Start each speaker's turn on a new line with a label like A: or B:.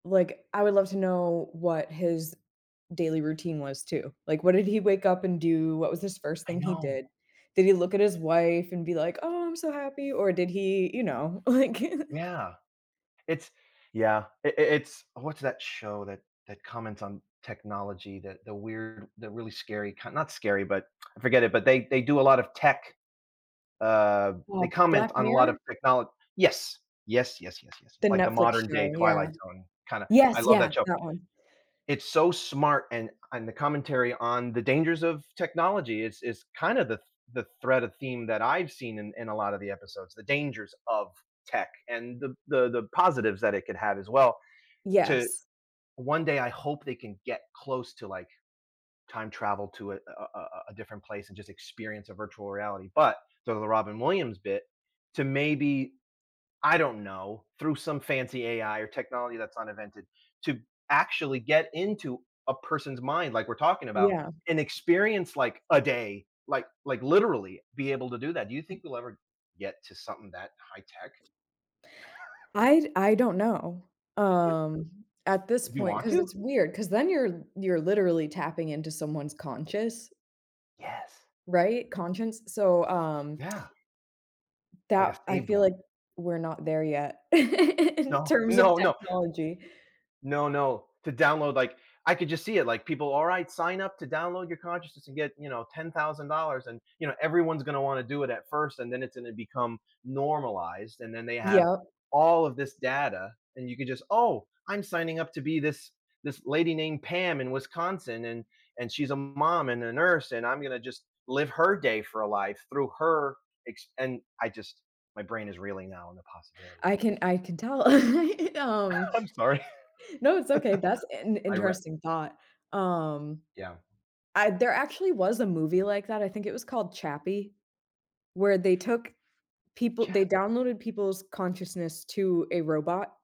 A: Like, I would love to know what his daily routine was too, like, what did he wake up and do, what was his first
B: I
A: thing he
B: know.
A: did? Did he look at his wife, and be like, "Oh, I'm so happy," or did he, you know, like
B: Yeah. It's Yeah, i i it's What's that show that that comments on technology, that the weird the really scary, kind not scary, but I forget it, but they they do a lot of tech, uh,
A: Wa
B: they comment
A: Black
B: on a lot of
A: Mirror?
B: technol Yes, yes, yes, yes, yes, yes,
A: The
B: like the
A: Netflix
B: modern day
A: show, yeah.
B: Twilight Zone, kinda I
A: Yes,
B: love
A: yeah,
B: that show
A: that one.
B: it's so smart, and and the commentary on the dangers of technology it's it's kind of the th the thread of theme that I've seen in in a lot of the episodes, the dangers of tech, and the b the the positives that it could have as well, to
A: Yes.
B: one day I hope they can get close to, like, time travel to a a a a a different place, and just experience a virtual reality, but so the Robin Williams bit, to maybe I don't know, through some fancy AI or technology that's not invented, to actually get into a person's mind, like we're talking about,
A: Yeah.
B: and experience, like, a day, like like, literally be able to do that. Do you think we'll ever get to something that high tech?
A: I d I don't know, um, at this
B: Do you
A: point,
B: want
A: 'cause
B: to?
A: it's weird, 'cause then you're you're literally tapping into someone's conscious
B: Yes.
A: Right, conscience, so so, um
B: Yeah. Like a
A: that I
B: saved
A: feel
B: one.
A: like we're not there yet in
B: No,
A: terms of
B: no, no.
A: technology.
B: No, no. To download, like I could just see it, like, "People, alright, sign up to download your consciousness, and get, you know, $10,000," and, you know, everyone's gonna wanna do it at first, and then it's gonna become normalized, and then they have
A: Yep.
B: all of this data, and you could just, "Oh I'm signing up to be this this lady named Pam in Wisconsin and and she's a mom, and a nurse, and I'm gonna just live her day for a life through her ex and I just" My brain is reeling now on the
A: I
B: possibilities.
A: can I can tell, um,
B: I'm sorry.
A: no, it's okay, that's in
B: I re
A: interesting thought, um,
B: Yeah.
A: I there actually was a movie like that, I think it was called Chappie, where they took people they
B: Chappie.
A: downloaded people's consciousness to a robot